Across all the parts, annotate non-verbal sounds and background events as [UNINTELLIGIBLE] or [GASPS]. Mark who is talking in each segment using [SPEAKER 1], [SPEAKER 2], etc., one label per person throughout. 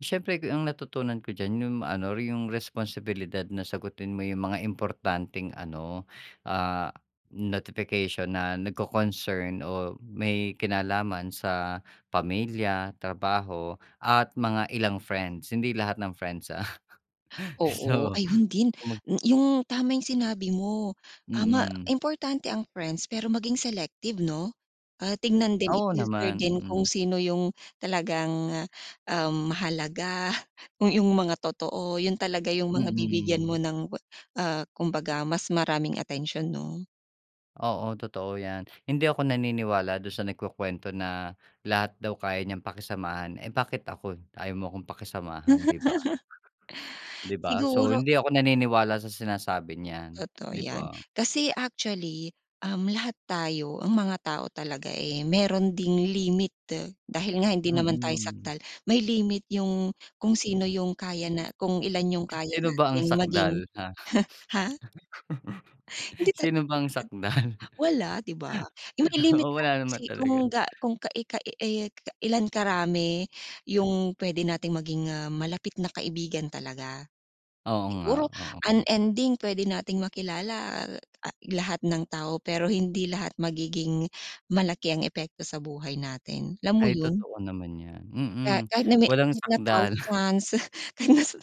[SPEAKER 1] Siyempre, ang yung natutunan ko diyan yung ano, yung responsibilidad na sagutin mo yung mga importanteng ano, ah, notification na nagko-concern o may kinalaman sa pamilya, trabaho at mga ilang friends, hindi lahat ng friends, ah. [CHUCKLES]
[SPEAKER 2] Oo,
[SPEAKER 1] So
[SPEAKER 2] ayun din!
[SPEAKER 1] [UNINTELLIGIBLE]
[SPEAKER 2] Mm, yung tama yung sinabi mo, ah, ma
[SPEAKER 1] Hmm.
[SPEAKER 2] importante ang friends, pero maging selective 'no? Ah, tignan din,
[SPEAKER 1] Oo
[SPEAKER 2] i-filter
[SPEAKER 1] naman.
[SPEAKER 2] din kung
[SPEAKER 1] Hmm.
[SPEAKER 2] sino yung talagang, um, mahalaga, kung yung mga totoo, yun talaga yung mga bibigyan mo
[SPEAKER 1] Hmm.
[SPEAKER 2] ng ah, kumbaga mas maraming atensiyon 'no?
[SPEAKER 1] Oo, totoo yan. Hindi ako naniniwala dun sa nagkukwento na lahat daw kaya niyang pakisamahan. Eh, bakit ako? Ayaw mo akong pakisamahan 'di ba?
[SPEAKER 2] [LAUGHS]
[SPEAKER 1] Di ba?
[SPEAKER 2] [GASPS]
[SPEAKER 1] So
[SPEAKER 2] Siguro
[SPEAKER 1] hindi ako naniniwala sa sinasabi nyan
[SPEAKER 2] Totoo
[SPEAKER 1] 'di
[SPEAKER 2] yan.
[SPEAKER 1] ba?
[SPEAKER 2] Kasi actually, um, lahat tayo, ang mga tao talaga, eh, meron ding limit. Dahil nga hindi naman tayo
[SPEAKER 1] Mm.
[SPEAKER 2] sakdal, may limit yung kung sino
[SPEAKER 1] Mm.
[SPEAKER 2] yung kaya na kung ilan yung kaya
[SPEAKER 1] Sino ba ang
[SPEAKER 2] natin maging,
[SPEAKER 1] sakdal, ha?
[SPEAKER 2] huh ha?
[SPEAKER 1] [CHUCKLES]
[SPEAKER 2] Hindi, tal
[SPEAKER 1] Sino ba ang sakdal?
[SPEAKER 2] [UNINTELLIGIBLE] wala 'di ba? Yung may
[SPEAKER 1] [LAUGHS]
[SPEAKER 2] limit
[SPEAKER 1] Oo,
[SPEAKER 2] lang
[SPEAKER 1] wala naman
[SPEAKER 2] kasi
[SPEAKER 1] talaga.
[SPEAKER 2] kung ga kung ka i kai i ka-ilan karami yung pwede nating maging, ah, malapit na kaibigan talaga.
[SPEAKER 1] Oo nga,
[SPEAKER 2] Siguro,
[SPEAKER 1] oo.
[SPEAKER 2] un-ending pwede nating makilala, al ah, lahat ng tao, pero hindi lahat magiging malaki ang epekto sa buhay natin. Alam mo
[SPEAKER 1] Ay,
[SPEAKER 2] yun?
[SPEAKER 1] totoo naman yan
[SPEAKER 2] Kaya,
[SPEAKER 1] Mm,
[SPEAKER 2] kahit na me
[SPEAKER 1] walang
[SPEAKER 2] kahit na
[SPEAKER 1] sakdal.
[SPEAKER 2] thousands, [LAUGHS] kahit na mase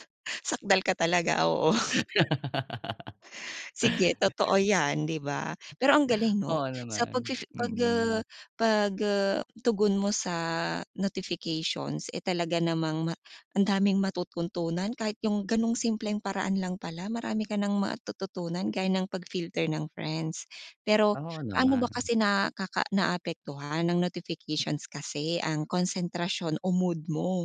[SPEAKER 2] sakdal ka talaga, oo. [CHUCKLES]
[SPEAKER 1] [LAUGHS]
[SPEAKER 2] Sige totoo yan 'di ba? Pero ang galing
[SPEAKER 1] [GASPS]
[SPEAKER 2] 'no.
[SPEAKER 1] Oo
[SPEAKER 2] Sa pag
[SPEAKER 1] naman,
[SPEAKER 2] fifi pag uh
[SPEAKER 1] hmm.
[SPEAKER 2] pag, uh, tugon mo sa notifications, eh, talaga namang ma ang daming matututunan kahit yung ganung simpleng paraan lang pala marami ka ng matututunan gaya ng pag-filter ng friends. Pero
[SPEAKER 1] Oo
[SPEAKER 2] paano ba
[SPEAKER 1] naman.
[SPEAKER 2] kasi na naka naapektuhan ng notifications kasi ang konsentrasyon o mood mo?